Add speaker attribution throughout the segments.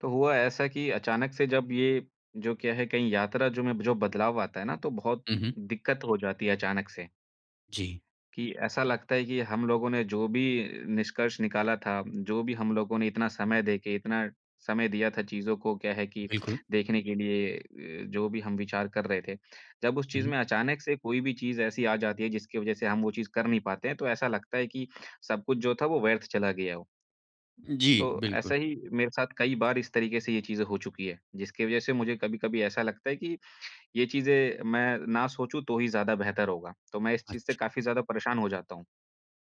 Speaker 1: तो हुआ ऐसा की अचानक से जब ये, जो क्या है कहीं यात्रा जो में जो बदलाव आता है ना तो बहुत
Speaker 2: हुँ, हुँ।
Speaker 1: दिक्कत हो जाती है अचानक से
Speaker 2: जी।
Speaker 1: कि ऐसा लगता है कि हम लोगों ने जो भी निष्कर्ष निकाला था, जो भी हम लोगों ने इतना समय देके इतना समय दिया था चीज़ों को क्या है कि
Speaker 2: बिल्कुल।
Speaker 1: देखने के लिए अ, जो भी हम विचार कर रहे थे। जब उस चीज़
Speaker 2: हुँ।
Speaker 1: में अचानक से कोई भी चीज़ ऐसी आ जाती है जिसकी वज़ह से हम वो चीज़ कर नहीं पाते हैं, तो ऐसा लगता है कि सब कुछ जो था वो व्यर्थ चला गया हो।
Speaker 2: जी,
Speaker 1: तो
Speaker 2: बिल्कुल।
Speaker 1: ऐसे ही मेरे साथ कई बार इस तरीके से ये चीज़ें हो चुकी है, जिसकी वज़ह से मुझे कभी-कभी ऐसा लगता है कि ये चीज़े मैं ना सोचूँ तो ही ज़्यादा बेहतर होगा, तो मैं इस चीज़ से
Speaker 2: अच्छा।
Speaker 1: काफ़ी ज़्यादा परेशान हो जाता हूँ।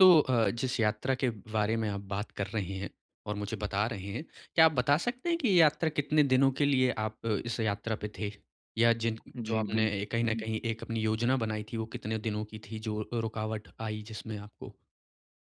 Speaker 2: तो अ, जिस यात्रा के बारे में आप बात कर रहे हैं और मुझे बता रहे हैं, क्या आप बता सकते हैं की ये यात्रा कितने दिनों के लिए आप इस यात्रा पे थे? या जिन जो
Speaker 1: जी बिल
Speaker 2: आपने कहीं न
Speaker 1: हुँ।
Speaker 2: कहीं एक अपनी योजना बनाई थी, वो कितने दिनों की थी जो अ, रुकावट आई जिसमें आपको?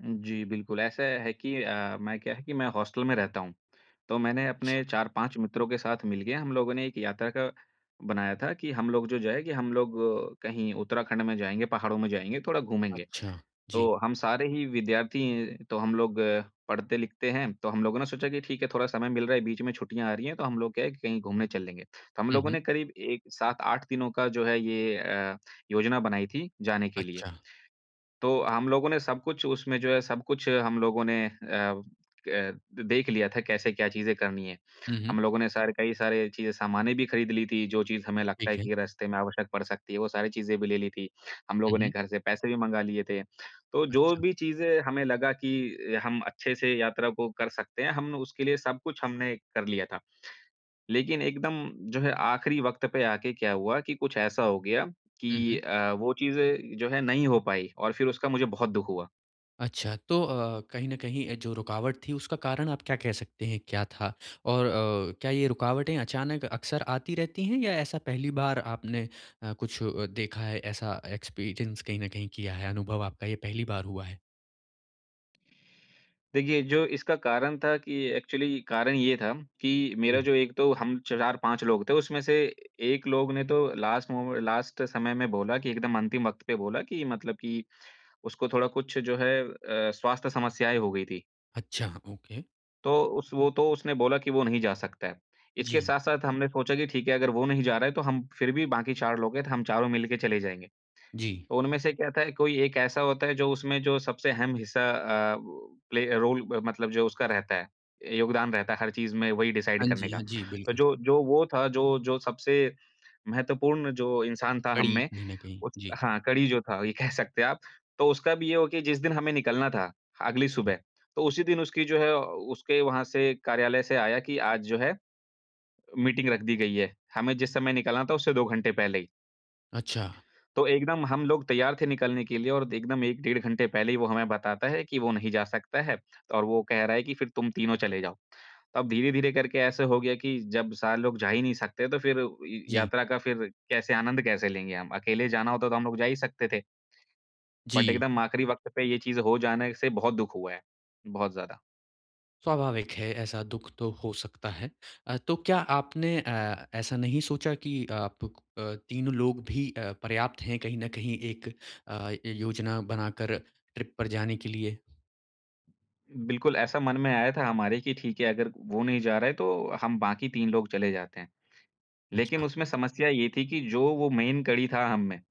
Speaker 1: उ जी। बिल्कुल ऐसा है कि अ, मैं क्या है कि मैं हॉस्टल में रहता हूँ। तो मैंने
Speaker 2: अच्छा।
Speaker 1: अपने 4-5 मित्रों के साथ मिल गया, हम लोगों ने एक यात्रा का बनाया था कि हम लोग जो जाएँगे हम लोग कहीं उत्तराखंड में जाएँगे, पहाड़ों में जाएँगे, थोड़ा घूमेंगे।
Speaker 2: अच्छा, जी।
Speaker 1: तो हम सारे ही विद्यार्थी तो हम लोग पढ़ते-लिखते हैं, तो हम लोगों ने सोचा कि ठीक है, थोड़ा समय मिल रहा है, बीच में छुट्टियाँ आ रही हैं, तो हम लोग क्या है कि कहीं घूमने चल लेंगे। तो हम
Speaker 2: हुँ,
Speaker 1: लोगों
Speaker 2: हुँ।
Speaker 1: ने करीब एक, 7-8 दिनों का जो है ये अ, योजना बनाई थी जाने के लिए।
Speaker 2: अच्छा।
Speaker 1: तो हम लोगों ने सब कुछ उसमे जो है सब कुछ हम लोगों ने अ अ, देख लिया था कैसे क्या चीज़ें करनी है।
Speaker 2: हुँ, हुँ।
Speaker 1: हम लोगों ने सारे कई सारे चीज़े सामाने भी ख़रीद ली थी, जो चीज़ हमें लगता है
Speaker 2: ठीक है।
Speaker 1: की रास्ते में आवश्यक पड़ सकती है, वो सारी चीज़े भी ले ली थी। हम लोगों
Speaker 2: हुँ,
Speaker 1: ने
Speaker 2: हुँ।
Speaker 1: घर से पैसे भी मँगा लिए थे। तो जो
Speaker 2: अच्छा।
Speaker 1: भी चीज़े हमें लगा की हम अच्छे से यात्रा को कर सकते हैं, हम उसके लिए सब कुछ हमने कर लिया था। लेकिन एकदम जो है आख़िरी वक़्त पे आके क्या हुआ कि कुछ ऐसा हो गया
Speaker 2: हुँ,
Speaker 1: कि
Speaker 2: हुँ।
Speaker 1: अ, वो चीज़े जो है नहीं हो पाई और फिर उसका मुझे बहुत दुःख हुआ।
Speaker 2: अच्छा तो अ, कहीं न कहीं अ, जो रुकावट थी उसका कारण आप क्या कह सकते हैं क्या था? और अ, क्या ये रुकावटें अचानक अक्सर आती रहती हैं या ऐसा पहली बार आपने अ, कुछ अ, देखा है ऐसा एक्सपीरियंस कहीं न कहीं किया है, अनुभव आपका ये पहली बार हुआ है?
Speaker 1: देखिए जो इसका कारण था कि एक्चुअली कारण ये था कि मेरा
Speaker 2: उ।
Speaker 1: जो एक तो हम 4-5 लोग थे उसमें से 1 लोग ने तो लास्ट मोमें लास्ट समय में बोला कि एकदम अंतिम वक़्त पे बोला कि मतलब कि उसको थोड़ा कुछ जो है अ, स्वास्थ्य समस्याएँ हो गयी थी।
Speaker 2: अच्छा ओके।
Speaker 1: तो उस वो तो उसने बोला कि वो नहीं जा सकता है। इसके
Speaker 2: जी।
Speaker 1: साथ-साथ हमने सोचा कि ठीक है अगर वो नहीं जा रहा है तो हम फिर भी बाकी 4 लोग हैं तो हम चारों मिल के चले जाएँगे।
Speaker 2: जी।
Speaker 1: तो उनमें से क्या था, कोई एक ऐसा होता है जो उसमें जो सबसे अहम हिस्सा अ, वो प्ले रोल मतलब जो उसका रहता है, योगदान रहता है हर चीज़ में वही डिसाइड
Speaker 2: हाँ
Speaker 1: करने
Speaker 2: जी,
Speaker 1: का।
Speaker 2: हाँ जी। बिल्कुल।
Speaker 1: जो जो वो था जो जो सबसे महत्वपूर्ण जो इंसान था हम
Speaker 2: कड़ी
Speaker 1: में
Speaker 2: कहीं न कहीं।
Speaker 1: उस
Speaker 2: जी।
Speaker 1: हाँ कड़ी जो था ये कह सकते हैं आप, तो उसका भी ये हो गया कि जिस दिन हमें निकलना था अगली
Speaker 2: जी।
Speaker 1: सुबह, तो उसी दिन उसकी जो है उसके वहाँ से कार्यालय से आया कि आज जो है, मीटिंग रख दी गयी है। हमें जिस समय निकलना था उससे 2 घंटे पहले ही।
Speaker 2: अच्छा।
Speaker 1: तो एकदम हम लोग तैयार थे निकलने के लिए और एकदम 1 डेढ़ घंटे पहले ही वो हमें बताता है कि वो नहीं जा सकता है और वो कह रहा है कि फिर तुम तीनों चले जाओ। अब धीरे-धीरे करके ऐसे हो गया कि जब सारे लोग जा ही नहीं सकते, तो फिर य
Speaker 2: जी।
Speaker 1: यात्रा का फिर कैसे आनंद कैसे लेंगे हम? अकेले जाना होता तो हम लोग जा ही सकते थे। बट
Speaker 2: जी।
Speaker 1: एकदम आख़िरी वक़्त पे ये चीज़ हो जाना इससे बहुत दुःख हुआ है, बहुत ज़्यादा।
Speaker 2: स्वाभाविक है ऐसा दुःख तो हो सकता है। अ, तो क्या आपने अ, ऐसा नहीं सोचा की आप अ, तीनों लोग भी अ, पर्याप्त है कहीं न कहीं एक अ, य योजना बनाकर ट्रिप पर जाने के लिए?
Speaker 1: बिल्कुल ऐसा मन में आया था हमारे की ठीक है, अगर वो नहीं जा रहा है तो हम बाकी 3 लोग चले जाते हैं। लेकिन
Speaker 2: अच्छा।
Speaker 1: उसमे समस्या ये थी की जो वो मेन कड़ी था हम में,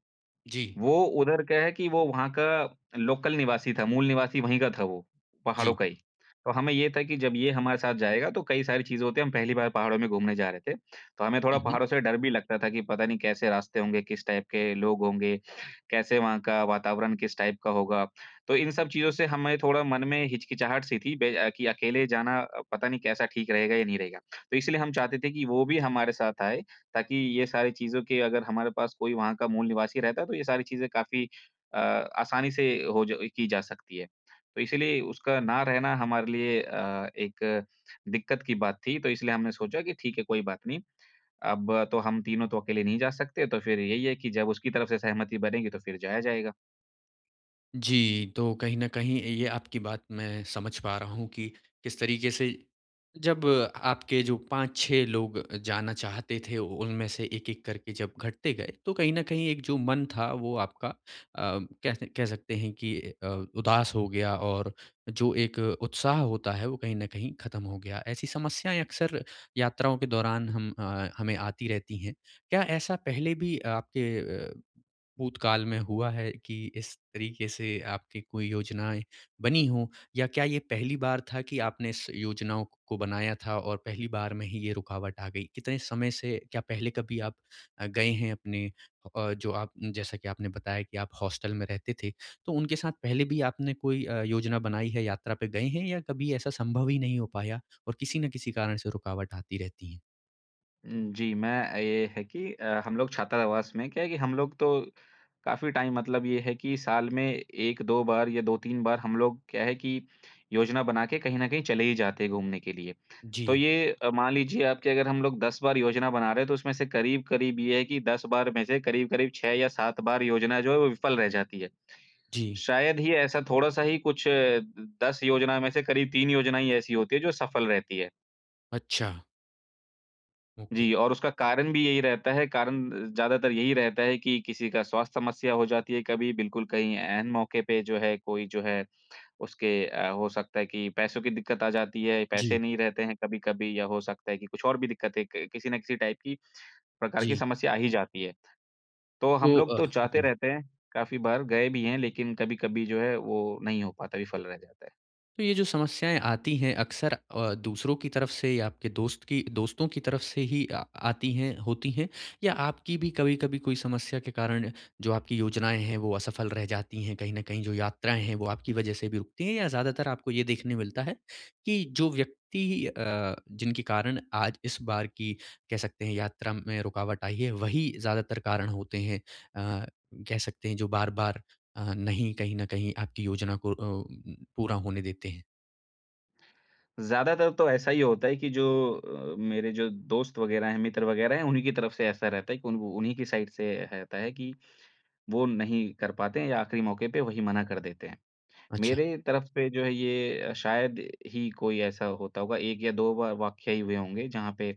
Speaker 2: जी।
Speaker 1: वो उधर क्या है कि वो वहाँ का लोकल निवासी था, मूल निवासी वही का था वो, पहाड़ों
Speaker 2: जी।
Speaker 1: का ही। तो हमें ये था की जब ये हमारे साथ जाएगा तो कई सारी चीज़े होती है, हम पहली बार पहाड़ों में घूमने जा रहे थे, तो हमें थोड़ा
Speaker 2: हुँ, हुँ।
Speaker 1: पहाड़ों से डर भी लगता था की पता नहीं कैसे रास्ते होंगे, किस टाइप के लोग होंगे, कैसे वहाँ का वातावरण किस टाइप का होगा? तो इन सब चीज़ों से हमें थोड़ा मन में हिचकिचाहट सी थी बे की अकेले जाना अ, पता नहीं कैसा ठीक रहेगा या नहीं रहेगा। तो इसलिए हम चाहते थे कि वो भी हमारे साथ आए ताकि ये सारी चीज़ों के अगर हमारे पास कोई वहाँ का मूल निवासी रहता तो ये सारी चीज़े काफ़ी अ, आसानी से हो ज की जा सकती है। तो इसीलिए उसका ना रहना हमारे लिए अ, एक दिक्कत की बात थी, तो इसलिए हमने सोचा कि ठीक है कोई बात नहीं। अब तो हम तीनों तो अकेले नहीं जा सकते तो फिर यही है कि जब उसकी तरफ से सहमति बनेगी तो फिर जाया जाएगा।
Speaker 2: जी, तो कहीं न कहीं ये ये आपकी बात मैं समझ पा रहा हूँ कि किस तरीके से, जब आपके जो 5-6 लोग जाना चाहते थे, उनमें से एक-एक करके जब घटते गए तो कहीं न कहीं एक जो मन था वो आपका अम, कैसे कह सकते हैं कि अ, उदास हो गया और जो एक उत्साह होता है, वो कहीं न कहीं खत्म हो गया। ऐसी समस्याएँ अक्सर यात्राओं के दौरान हम अ, हमें आती रहती हैं। क्या ऐसा पहले भी आपके अ, भूतकाल में हुआ है कि इस तरीके से आपकी कोई योजनाएँ बनी हों या क्या ये पहली बार था कि आपने इस योजनाओं को को बनाया था और पहली बार में ही ये रुकावट आ गई? कितने समय से क्या पहले कभी आप अ, गए हैं अपने हो अ, जो आप जैसा कि आपने बताया कि आप हॉस्टल में रहते थे, तो उनके साथ पहले भी आपने कोई अ, योजना बनाई है, यात्रा पे गए हैं या कभी ऐसा संभव ही नहीं हो पाया और किसी न किसी कारण से रुकावट आती रहती है?
Speaker 1: उम, जी, मैं अ, ये है कि अ, हम लोग छात्रावास में क्या है कि हम लोग तो काफ़ी टाइम मतलब ये है कि साल में 1-2 बार या 2-3 बार हम लोग क्या है कि योजना बना के कहीं न कहीं चले ही जाते हैं घूमने के लिए। तो
Speaker 2: जी।
Speaker 1: ये अ, मान लीजिए आप कि अगर हम लोग 10 बार योजना बना रहे हैं तो उसमें से करीब-करीब ये है कि 10 बार में से करीब-करीब 6 या 7 बार योजना जो है वो विफल रह जाती है।
Speaker 2: जी।
Speaker 1: शायद ही ऐसा थोड़ा-सा ही कुछ 10 योजना में से करीब 3 योजनाएँ ही ऐसी होती हैं जो सफल रहती हैं।
Speaker 2: अच्छा। ओके।
Speaker 1: जी, और उसका कारण भी यही रहता है। कारण अ, ज़्यादातर यही रहता है कि किसी का स्वास्थ्य समस्या हो जाती है। कभी बिल्कुल कहीं ऐन मौके पे जो है कोई जो है उसके अ, हो सकता है कि पैसों की दिक़्क़त आ जाती है, पैसे
Speaker 2: जी।
Speaker 1: नहीं रहते हैं कभी-कभी। या हो सकता है कि कुछ और भी दिक़्क़तें कि किसी न किसी टाइप की प्रकार की
Speaker 2: जी।
Speaker 1: समस्या आ ही जाती है। तो हम
Speaker 2: तो
Speaker 1: लोग तो
Speaker 2: अ,
Speaker 1: जाते
Speaker 2: जी।
Speaker 1: रहते हैं, काफ़ी बार गए भी हैं। लेकिन कभी-कभी जो है वो नहीं हो पाता, विफल रह जाता है।
Speaker 2: तो ये जो समस्याएँ आती हैं अक्सर अ, दूसरों की तरफ़ से या आपके दोस्त की अ, दोस्तों की तरफ़ से ही अ, आती हैं होती हैं? या आपकी भी कभी-कभी कोई समस्या के कारण जो आपकी योजनाएँ हैं वो असफल रह जाती हैं कहीं न कहीं जो यात्राएँ हैं वो आपकी वजह से भी रुकती हैं? या ज़्यादातर आपको ये देखने मिलता है कि जो व्यक्ति अ, जिनके कारण आज इस बार की कह सकते हैं यात्रा में रुकावट आई है, वही ज़्यादातर कारण होते हैं? अ, कह सकते हैं जो बार-बार अ, नहीं कहीं न कहीं आपकी योजना को अ अ, उ उ पूरा होने देते हैं?
Speaker 1: ज़्यादातर तो ऐसा ही होता है कि जो अ, मेरे जो दोस्त वग़ैरह हैं, मित्र वग़ैरह हैं, उन्हीं की तरफ़ से ऐसा रहता है कि उन उन्हीं की साइड से रहता है कि वो नहीं कर पाते हैं या आख़िरी मौके पे वही मना कर देते हैं।
Speaker 2: अच्छा।
Speaker 1: मेरे तरफ़ से जो है ये शायद ही कोई ऐसा होता होगा, 1 या 2 बार वाक़या ही हुए होंगे जहाँ पे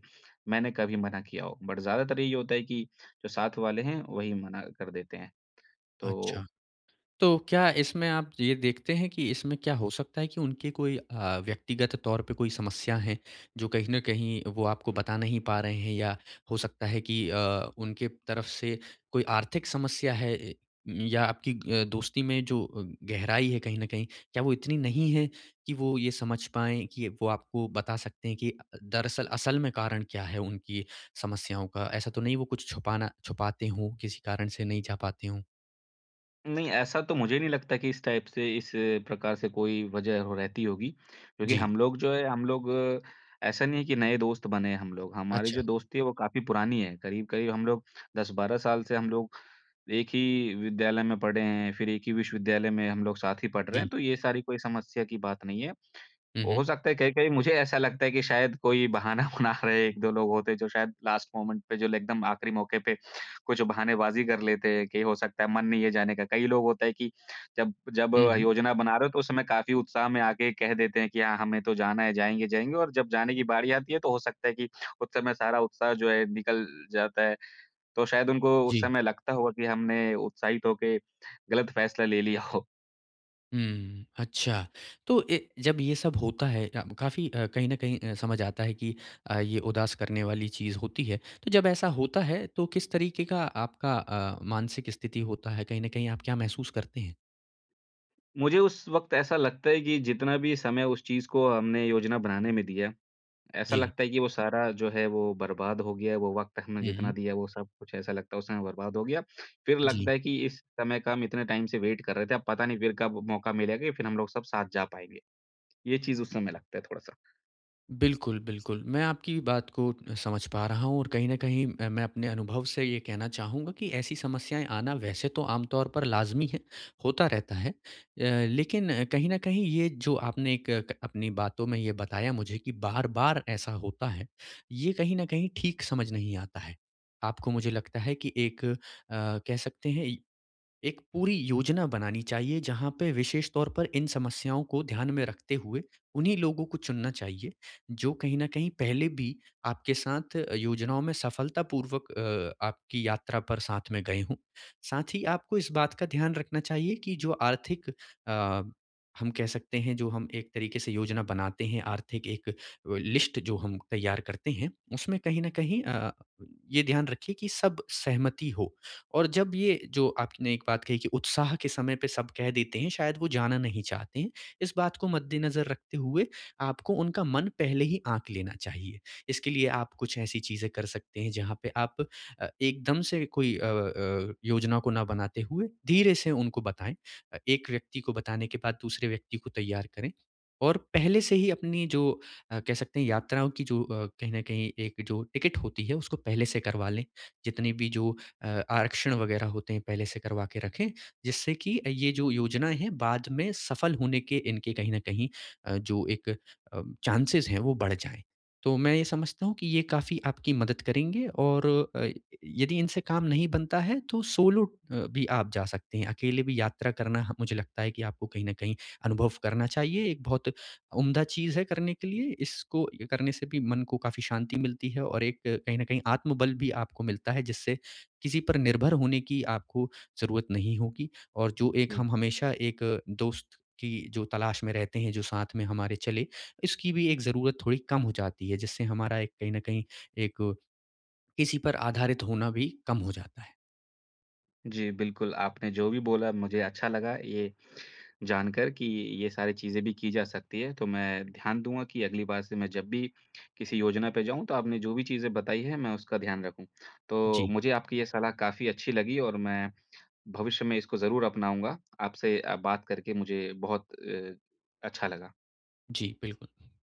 Speaker 1: मैंने कभी मना किया हो। बट ज़्यादातर ये होता है कि जो साथ वाले हैं, वही मना कर देते हैं। तो
Speaker 2: अच्छा। तो क्या इसमें आप ये देखते हैं कि इसमें क्या हो सकता है कि उनके कोई अ, व्यक्तिगत तौर पे कोई समस्या है, जो कहीं न कहीं वो आपको बता नहीं पा रहे हैं? या हो सकता है कि अ, उनके तरफ़ से कोई आर्थिक समस्या है? ए या आपकी अ, दोस्ती में जो अ, गहराई है, कहीं न कहीं क्या वो इतनी नहीं है कि वो ये समझ पाएँ कि वो आपको बता सकते हैं कि अ, दरअसल असल में कारण क्या है उनकी समस्याओं का? ऐसा तो नहीं वो कुछ छुपना छुपाते हों? किसी कारण से नहीं जा पाते हों?
Speaker 1: नहीं ऐसा तो मुझे नहीं लगता कि इस टाइप से इस प्रकार से कोई वज़ह हो रहती होगी। क्योंकि
Speaker 2: जी।
Speaker 1: हम लोग जो हैं, हम लोग ऐसा नहीं हैं कि नए दोस्त बने हैं हम लोग। हमारी
Speaker 2: अच्छा।
Speaker 1: जो दोस्ती है वो काफ़ी पुरानी है। करीब-करीब हम लोग 10-12 साल से हम लोग 1 ही विद्यालय में पढ़े हैं। फ़िर 1 ही विश्वविद्यालय में हम लोग साथ ही पढ़ रहे
Speaker 2: जी।
Speaker 1: हैं। तो ये सारी कोई समस्या की बात नहीं है।
Speaker 2: हुँ, हुँ।
Speaker 1: हो सकता है कहीं-कहीं मुझे ऐसा लगता है कि शायद कोई बहाना बना रहे हैं 1-2 लोग होते हैं जो शायद लास्ट मोमेंट पे जो एकदम आख़िरी मौके पे कुछ बहानेबाज़ी कर लेते हैं कि हो सकता है मन नहीं है जाने का। कई लोग होता हैं कि जब जब
Speaker 2: हुँ, हुँ।
Speaker 1: योजना बना रहे हो तो उस समय काफ़ी उत्साह में आके कह देते हैं कि हाँ, हमें तो जाना है जाएँगे, जाएँगे और जब जाने की बारी आती है तो हो सकता है कि उस समय सारा उत्साह जो है निकल जाता है। तो शायद उनको उस
Speaker 2: जी।
Speaker 1: समय लगता होगा कि हमने उत्साहित होके ग़लत फ़ैसला ले लिया हो।
Speaker 2: हुँ, अच्छा। तो ए जब ये सब होता है अ, काफ़ी अ, कहीं न कहीं अ, समझ आता है कि अ, ये उदास करने वाली चीज़ होती है। तो जब ऐसा होता है तो किस तरीके का आपका अ, मानसिक स्थिति होता है? कहीं न कहीं आप क्या महसूस करते हैं?
Speaker 1: मुझे उस वक़्त ऐसा लगता है कि जितना भी समय उस चीज़ को हमने योजना बनाने में दिया, ऐसा
Speaker 2: जी।
Speaker 1: लगता है कि वो सारा जो है, वो बर्बाद हो गया है। वो वक़्त हमने
Speaker 2: हुँ,
Speaker 1: जितना
Speaker 2: हुँ।
Speaker 1: दिया है, वो सब कुछ, ऐसा लगता है, वो समय बर्बाद हो गया। फिर लगता
Speaker 2: जी।
Speaker 1: है कि इस समय का हम इतने टाइम से वेट कर रहे थे, अब पता नहीं फिर कब मौका मिलेगा, या फिर हम लोग सब साथ जा पाएँगे। ये चीज़, उस समय लगता है थोड़ा-सा।
Speaker 2: बिल्कुल, बिल्कुल। मैं आपकी बात को समझ पा रहा हूँ और कहीं न कहीं अ, मैं अपने अनुभव से ये कहना चाहूँगा कि ऐसी समस्याएँ आना, वैसे तो आमतौर पर लाज़मी है, होता रहता है। अ, लेकिन कहीं न कहीं, ये जो आपने एक क अपनी बातों में ये बताया मुझे कि बार-बार ऐसा होता है, ये कहीं न कहीं ठीक समझ नहीं आता है। आपको, मुझे लगता है कि एक अ, कह सकते हैं, इ एक पूरी योजना बनानी चाहिए, जहाँ पे विशेष तौर पर इन समस्याओं को ध्यान में रखते हुए उन्हीं लोगों को चुनना चाहिए, जो कहीं न कहीं पहले भी आपके साथ योजनाओं में सफलतापूर्वक अ, आपकी यात्रा पर साथ में गए हों। साथ ही आपको इस बात का ध्यान रखना चाहिए कि जो आर्थिक अ, हम कह सकते हैं, जो हम एक तरीके से योजना बनाते हैं, आर्थिक एक अ, लिस्ट जो हम तैयार करते हैं, उसमें कहीं न कहीं अ, ये ध्यान रखिए कि सब सहमति हो, और जब ये जो आपने एक बात कही कि उत्साह के समय पे सब कह देते हैं, शायद वो जाना नहीं चाहते हैं, इस बात को मद्देनज़र रखते हुए आपको उनका मन पहले ही आँक लेना चाहिए। इसके लिए आप कुछ ऐसी चीज़ें कर सकते हैं, जहाँ पे आप अ, एकदम से कोई अ अ, योजना को ना बनाते हुए, धीरे से उनको बताएँ। अ, एक व्यक्ति को बताने के बाद दूसरे व्यक्ति को तैयार करें और पहले से ही अपनी जो अ, कह सकते हैं, यात्राओं की जो अ, कहीं न कहीं एक जो टिकट होती है, उसको पहले से करवा लें। जितने भी जो अ, आरक्षण वगैरह होते हैं, पहले से करवा के रखें, जिससे कि ये जो योजनाएँ हैं, बाद में सफल होने के इनके, कहीं न कहीं अ, जो एक अ, चांसेज़ हैं, वो बढ़ जाएँ। तो मैं ये समझता हूँ कि ये काफ़ी आपकी मदद करेंगे और अ, यदि इनसे काम नहीं बनता है, तो सोलो अ, भी आप जा सकते हैं। अकेले भी यात्रा करना, ह मुझे लगता है कि आपको कहीं न कहीं अनुभव करना चाहिए, एक बहुत उम्दा चीज़ है करने के लिए। इसको करने से भी मन को काफ़ी शांति मिलती है और एक कहीं न कहीं आत्मबल भी आपको मिलता है, जिससे किसी पर निर्भर होने की आपको ज़रूरत नहीं होगी और जो एक
Speaker 1: जी।
Speaker 2: हम हमेशा एक दोस्त की जो तलाश में रहते हैं, जो साथ में हमारे चले, इसकी भी एक ज़रूरत थोड़ी कम हो जाती है, जिससे हमारा एक कहीं न कहीं, एक, किसी पर आधारित होना भी कम हो जाता है।
Speaker 1: जी, बिल्कुल, आपने जो भी बोला, मुझे अच्छा लगा ये जान कर कि ये सारी चीज़ें भी की जा सकती हैं। तो मैं ध्यान दूँगा, कि अगली बार से मैं जब भी किसी योजना पे जाऊँ, तो आपने जो भी चीज़ें बताई हैं, मैं उसका ध्यान रखूँ। तो
Speaker 2: जी।
Speaker 1: मुझे आपकी ये सलाह काफ़ी अच्छी लगी और मैं भविष्य में इसको ज़रूर अपनाऊँगा। आपसे अ, बात करके मुझे बहुत अ, अच्छा लगा।
Speaker 2: जी, बिल्कुल।